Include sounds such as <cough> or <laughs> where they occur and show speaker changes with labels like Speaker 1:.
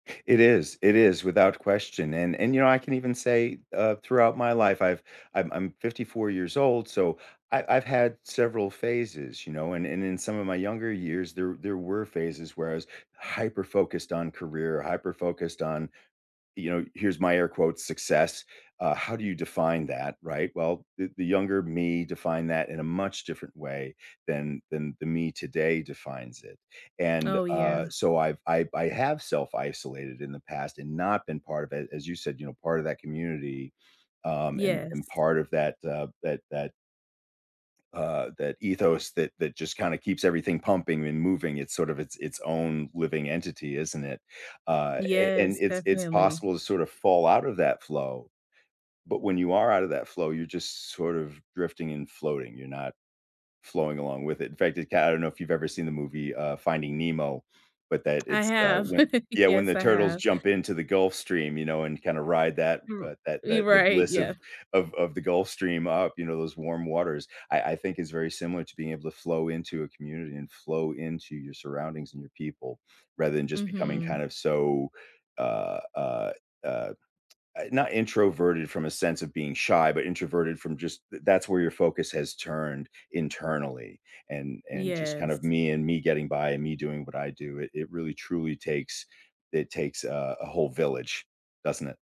Speaker 1: It is, it is without question, and and, you know, I can even say, uh, throughout my life, I've I'm I'm 54 years old, so I I've had several phases, you know? And and in some of my younger years, there there were phases where I was hyper focused on career, hyper focused on, you know, here's my air quotes, "Success," uh, how do you define that, right? Well, the the younger me define that in a much different way than than the me today defines it, and,
Speaker 2: Oh,
Speaker 1: uh,
Speaker 2: yeah.
Speaker 1: so, I've I I have self-isolated in the past and not been part of it as you said, you know, part of that community, um, and and
Speaker 2: Yes.
Speaker 1: part of that, uh, that that uh, that ethos that that just kinda keeps everything pumping and moving it's sort of its its own living entity, isn't it? Uh, a and
Speaker 2: Yes,
Speaker 1: it's it's
Speaker 2: definitely.
Speaker 1: possible to sort of fall out of that flow, but when you are outta that flow, you're just sort of drifting and floating, you're not flowing along with it, in fact, it g I don't know if you've ever seen the movie, uh, Finding Nemo, but that
Speaker 2: I
Speaker 1: it's the
Speaker 2: have.
Speaker 1: when
Speaker 2: <laughs>
Speaker 1: Yeah, when
Speaker 2: Yes,
Speaker 1: the
Speaker 2: I
Speaker 1: turtles
Speaker 2: have.
Speaker 1: jump into the Gulf Stream, you know, and kinda ride that,
Speaker 2: You're
Speaker 1: uh, that
Speaker 2: you're
Speaker 1: that the
Speaker 2: right,
Speaker 1: bliss
Speaker 2: yeah.
Speaker 1: of of of the Gulf Stream up, you know, those warm waters, I I think is very similar to being able to flow into a community, and flow into your surroundings and your people rather than just becoming kind
Speaker 2: Mhm.
Speaker 1: of so, uh, uh, uh not introverted from a sense of being shy, but introverted from just the that's where your focus has turned internally, and and just kind of
Speaker 2: Yes.
Speaker 1: me and me getting by and me doing what I do, it it really truly takes it takes a a whole village, doesn't it?